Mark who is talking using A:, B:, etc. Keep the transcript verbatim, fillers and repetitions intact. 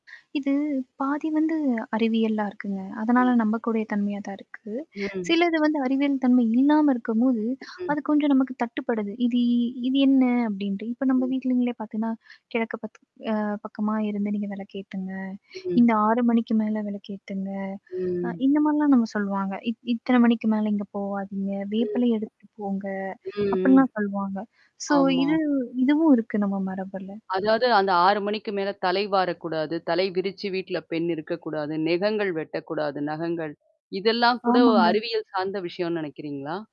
A: இது பாதி வந்து அறிவியலா இருக்குங்க. அதனால நம்பக்கூடிய தன்மையா தான் இருக்கு.
B: ம்.
A: சிலது வந்து அறிவியல் தன்மை இல்லாம இருக்கும்போது,
B: ம்.
A: அது கொஞ்சம் நமக்கு தட்டுப்படுது இது இது என்ன? அப்பிடின்ட்டு. இப்ப நம்ம
B: ம்.
A: வீட்டலங்களே பாத்தேன்னா, கிழக்கு பாத் அ பக்கமாக இருந்து நீங்க விளக்கு ஏத்துங்க,
B: ம்.
A: இந்த ஆறு மணிக்கு மேலே விளக்கேத்துங்க. அ
B: ம்.
A: இந்த மாரிலாம் நம்ம சொல்லுவாங்க. இத் இத்தன மணிக்கு மேல இங்க போவாதீங்க. வேப்பிலை
B: ம்.
A: எடுத்து போங்க.
B: ம், ம்.
A: அப்பிடின்லாம் சொல்லுவாங்க. சோ
B: ஆமா.
A: இது இதுவும் இருக்கு நம்ம மரபில.
B: அதாவது அந்த ஆறு மணிக்கு மேல தலை வாரக்கூடாது. தலை விரித்து வீட்டல பெண் இருக்கக்கூடாது. நெகங்கள் வெட்டக்கூடாது, நகங்கள். இதெல்லாம் கூட ஒரு
A: ஆமாங்க.
B: அறிவியல் சார்ந்த விஷயன்னு நினைக்கிறீங்களா?